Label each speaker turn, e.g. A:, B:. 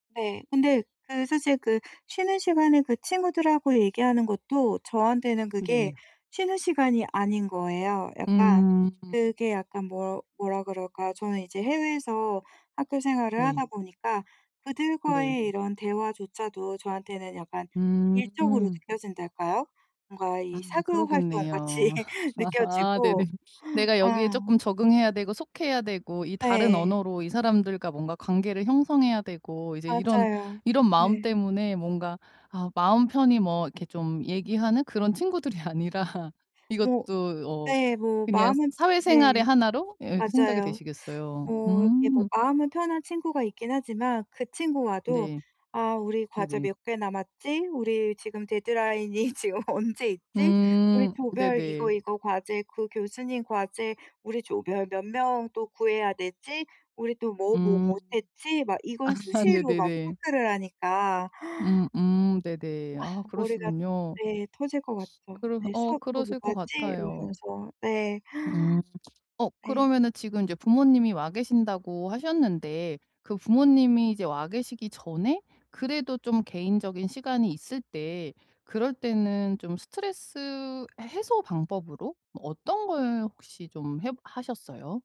A: 네. 근데 그 사실 그 쉬는 시간에 그 친구들하고 얘기하는 것도 저한테는 그게
B: 네.
A: 쉬는 시간이 아닌 거예요. 약간
B: 음.
A: 그게 약간 뭐 뭐라 그럴까? 저는 이제 해외에서 학교 생활을
B: 네.
A: 하다 보니까
B: 네.
A: 그들과의 이런 대화조차도 저한테는 약간 일적으로
B: 음.
A: 느껴진달까요? 뭔가
B: 아
A: 이 사교 활동같이
B: 그러겠네요. 네네.
A: 느껴지고
B: 내가 여기에 쪼끔
A: 어.
B: 적응해야 되고 속해야 되고 이 다른
A: 네.
B: 언어로 이 사람들과 뭔가 관계를 형성해야 되고 이제 이런
A: 맞아요.
B: 이런 마음
A: 네.
B: 때문에 뭔가 아 마음 편히 뭐 이렇게 좀 얘기하는 그런 친구들이 아니라
A: 뭐
B: 이것도 어
A: 네. 뭐
B: 그냥
A: 마음은
B: 사회생활의
A: 네.
B: 1 로 예 그렇게 생각이
A: 맞아요.
B: 되시겠어요.
A: 어 이게 뭐
B: 음
A: 마음은 편한 친구가 있긴 하지만 그 친구와도
B: 네.
A: "아 우리 과제
B: 네네.
A: 몇 개 남았지?", "우리 지금 데드라인이 지금 언제 있지?", "우리
B: 음.
A: 조별 이거,
B: 네네.
A: 이거 과제 그 교수님 과제 우리 조별 몇 명 또 구해야 되지?", "우리 또 뭐, 뭐
B: 음
A: 못 했지?" 막 이걸
B: 아
A: 수시로 막
B: 네네네.
A: 체크를 하니까
B: 음음 네네.
A: 아
B: 아
A: 머리가
B: 그러시군요.
A: 네 터질 것 같죠.
B: 그럼
A: 내일
B: 어
A: 수업 또 뭐
B: 그러실 것
A: 가지? 뭐
B: 같아요.
A: 이러면서. 네.
B: 음. 어
A: 네.
B: 그러면은 지금 이제 부모님이 와 계신다고 하셨는데 그 부모님이 이제 와 계시기 전에 그래도 좀 개인적인 시간이 있을 때 그럴 때는 좀 스트레스 해소 방법으로 어떤 걸 혹시 좀 해 보 하셨어요?